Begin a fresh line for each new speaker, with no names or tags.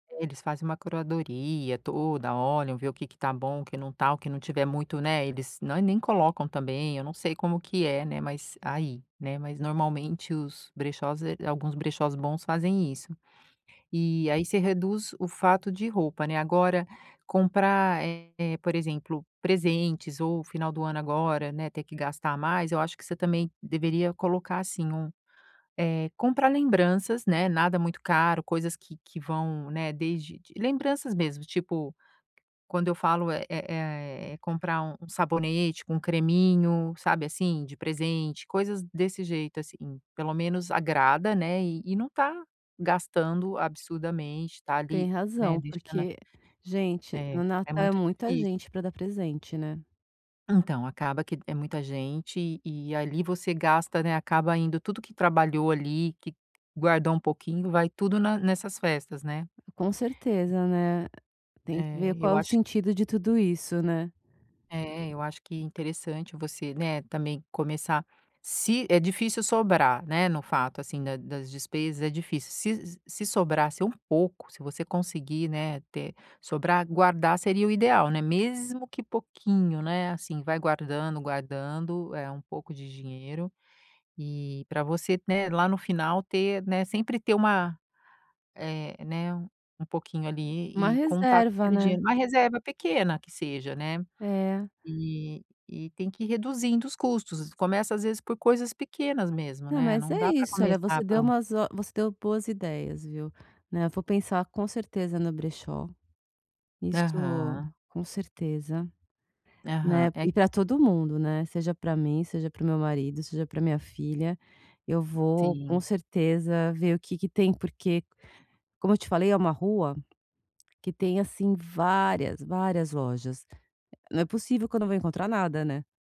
É, eles fazem uma curadoria toda, olham, ver o que que está bom, o que não está, o que não tiver muito, né, eles nã nem colocam também, eu não sei como que é, né, mas aí, né, mas normalmente, os brechós, eh, alguns brechós bons fazem isso. E aí você reduz o fato de roupa, né. Agora comprar, eh, por exemplo, presentes, ou final do ano agora, né, ter que gastar mais, eu acho que você também deveria colocar, assim, um, eh, comprar lembranças, né, nada muito caro, coisas que que vão, né, desde de lembranças mesmo, tipo, quando eu falo, é é é é comprar um sabonete com creminho, sabe, assim, de presente, coisas desse jeito assim. Pelo menos agrada, né, e e não está gastando absurdamente, está ali,
Tem
né,
razão,
deixando a
porque, gente,
É,
no
é
Natal, é
muito
muita
difícil.
gente pra dar presente, né.
Então acaba que é muita gente, e ali você gasta, né, acaba indo tudo que trabalhou ali, que guardou um pouquinho, vai tudo na nessas festas, né.
Com certeza, né. Tem que
É,
ver qual
eu
é o
acho
sentido de tudo isso, né.
É, eu acho que interessante você, né, também começar se é difícil sobrar, né, no fato, assim, da das despesas é difícil, se s se sobrasse um pouco, se você conseguir, né, ter sobrar, guardar, seria o ideal, né, mesmo que pouquinho, né, assim, vai guardando, guardando, eh, um pouco de dinheiro, e pra você, né, lá no final, ter, né, sempre ter uma, eh, né, um pouquinho
Uma
ali, e contar com
reserva,
aquele dinheiro.
né.
Uma reserva pequena, que seja, né.
É.
E e tem que ir reduzindo os custos, começa às vezes por coisas pequenas mesmo,
Não,
né,
mas
não
é
dá pra
isso. Olha,
começar
você deu
pron
umas ó você deu boas ideias, viu. Né, vou pensar, com certeza, no brechó. Isso
Aham.
com certeza,
Aham.
né.
É q
E para todo mundo, né, seja para mim, seja para o meu marido, seja para minha filha, eu vou, com
Sim.
certeza, ver o que que tem, porque, como eu te falei, é uma rua que tem, assim, várias, várias lojas. Não é possível que não vou encontrar nada, né.